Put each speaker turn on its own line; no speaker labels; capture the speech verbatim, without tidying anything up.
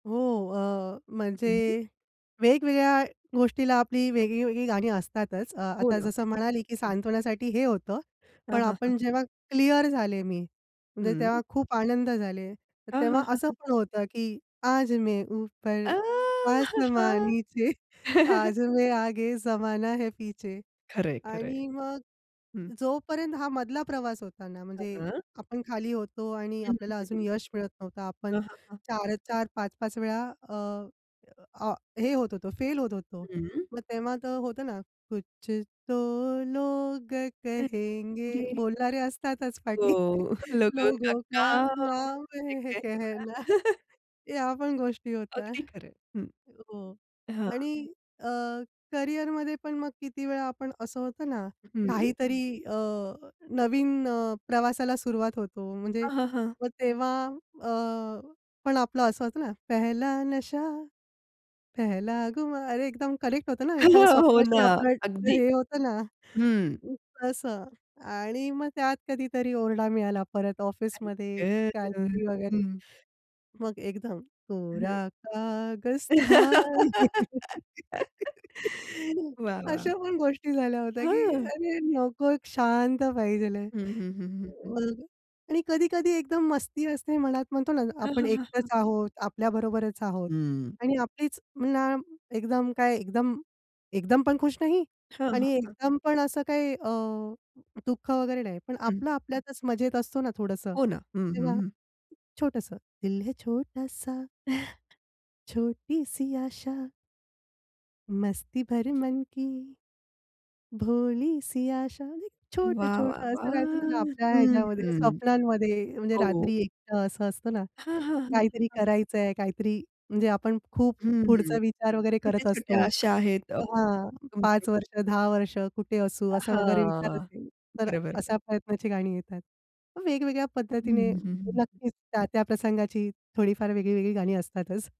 हो. अ,
हं,
म्हणजे
हं.
वेगवेगळ्या गोष्टीला आपली वेगळी-वेगळी गाणी असतातच. अ,
हो
आता
ना.
जसं म्हणाली, की
हं.
सांत्वनासाठी हे होतं, पण
हां, हां, हां.
आपण जेव्हा क्लिअर झाले मी. म्हणजे तेव्हा
हं.
खूप आनंद झाले. तर
हां, हां,
तेव्हा
हां,
असं
हां.
पण होतं की आज मै उपर
आ हा
आसमा
हा!
नीचे, आज मै आगे जमाना है पीछे.
खरंय, खरंय.
आणि मग
हं.
जोपर्यंत हा मधला प्रवास होता ना,
अ,
म्हणजे
हां.
आपण खाली होतो आणि
हं, हं,
आपल्याला
हं,
अजून
हं.
यश मिळत नव्हतं. आपण
हां, हां, हां.
चार चार, पाच पाच वेळा अ, अ, हे होत होतो, फेल होत होतो.
हं.
मग तेव्हा तर होतं ना, कुछ तो लोग
हं.
कहेंगे.
गे
बोलणारे असतातच
हो.
पाठी.
लोगों का
लोगों का
काम
नाम
है
है कहना.
केहना.
या पण गोष्टी होत्या.
अगदी खरंय. हं.
हो.
हां.
आणि अ, करियरमध्ये पण मग किती वेळा आपण असं होतं ना
हं.
काहीतरी अ, नवीन अ, प्रवासाला सुरुवात होतो. म्हणजे
हां, हां, हां.
मग तेव्हा अ, पण आपलं असं होतं ना, पहला नशा पहला खुमार. अरे एकदम करेक्ट होतं ना एखाद्या
हो ना.
स्वप्नाशी आपलं
अगदी.
हे होतं ना.
हम्म.
अ, तसं. आणि मग त्यात कधीतरी ओरडा मिळाला परत
आई
ऑफिसमध्ये
ग, ग!
काहीतरी वगैरे.
हं.
मग एकदम
हं.
कोरा कागज था ये.
वाह, वाह!
अशा पण गोष्टी झाल्या होत्या की
हं.
अरे नको, एक शांत पाहिजेल आहे.
हं, हं, हं, हं, हं.
मग आणि कधी-कधी एकदम मस्ती असते मनात म्हणतो ना
हां,
आपण
हां, हां, हां.
एकटंच आहोत. आपल्याबरोबरच आहोत
हं.
आणि आपलीच ना एकदम काय एकदम एकदम पण खुश नाही
हां, हां,
आणि
हां.
एकदम पण असं काही अ, दुःख वगैरे नाही. पण
हं.
आपलं आपल्यातच मजेत असतो ना थोडंसं
हो ना. हं, हं,
तेव्हा,
हं.
छोटंसं, दिल है छोटासा छोटी सी आशा मस्ती भरी मन की, भोली सी आशा, म्हणजे छोटं,
वाह, वाह,
छोटं, असं राहायचं ना
वाह!
आपल्या ह्याच्यामध्ये
हं.
स्वप्नांमध्ये. म्हणजे
हो.
रात्री एकटं असं असतं ना,
हां, हां, हां, हां,
काहीतरी
हां.
करायचंय, काहीतरी म्हणजे आपण खूप
हं.
पुढचा विचार वगैरे करत
छोट्या-छोट्या
असतो.
अशा आहेत अ,
तर हां.
तुमचे.
पाच वर्ष दहा वर्ष कुठे असू असा वगैरे विचार
हां.
असेल, तर
बरोबर, बरो
अशा प्रयत्नाची गाणी येतात. मग वेगवेगळ्या
हं,
पद्धतीने
हं, हं, हं.
नक्कीच त्या-त्या प्रसंगाची थोडीफार वेगळी-वेगळी गाणी असतातच.